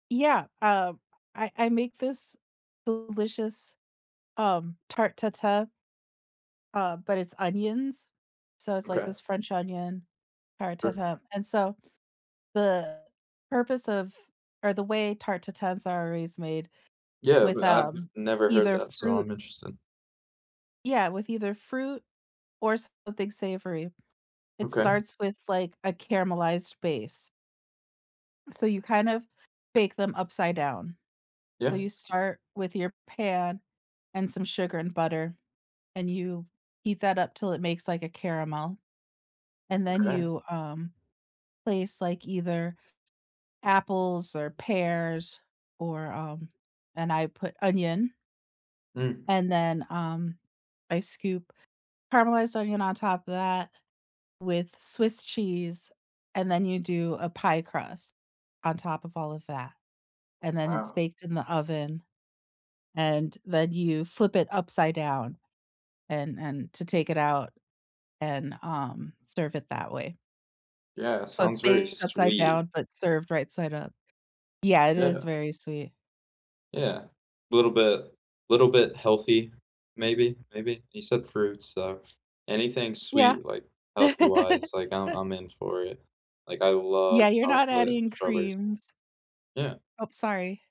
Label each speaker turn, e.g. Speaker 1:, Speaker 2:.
Speaker 1: Yeah, um, I I make this delicious, um, tarte tatin uh, but it's onions. So it's like
Speaker 2: Okay.
Speaker 1: this French onion tarte
Speaker 2: Sure.
Speaker 1: tatin, and so, the purpose of or the way tarte tatin's are always made
Speaker 2: Yeah,
Speaker 1: with,
Speaker 2: but I've n
Speaker 1: um,
Speaker 2: never heard
Speaker 1: either
Speaker 2: that, so
Speaker 1: fruit
Speaker 2: I'm interested.
Speaker 1: Yeah, with either fruit, or something savory. It
Speaker 2: Okay.
Speaker 1: starts with, like, a caramelized base. So you kind of bake them upside down. So
Speaker 2: Yeah.
Speaker 1: you start with your pan, and some sugar and butter, and you heat that up 'til it makes, like, a caramel, and then
Speaker 2: Okay.
Speaker 1: you, um, place, like, either apples, or pears, or, um and I put onion
Speaker 2: Mm.
Speaker 1: and then, um, I scoop caramelized onion on top of that with swiss cheese, and then you do a pie crust on top of all of that. And then it's
Speaker 2: Wow.
Speaker 1: baked in the oven, and then you flip it upside down, and and to take it out, and, um, serve it that way.
Speaker 2: Yeah, it
Speaker 1: So it's
Speaker 2: sounds very
Speaker 1: baked upside
Speaker 2: sweet.
Speaker 1: down, but served right side up. Yeah, it is
Speaker 2: Yeah.
Speaker 1: very sweet.
Speaker 2: Yeah. Little bit little bit healthy, maybe maybe. You said fruits, so, anything
Speaker 1: Yeah.
Speaker 2: sweet, like, healthy-wise, like, I'm I'm in for it. Like, I love
Speaker 1: Yeah, you're not
Speaker 2: chocolate
Speaker 1: adding
Speaker 2: strawberries.
Speaker 1: creams.
Speaker 2: Yeah.
Speaker 1: Ope sorry.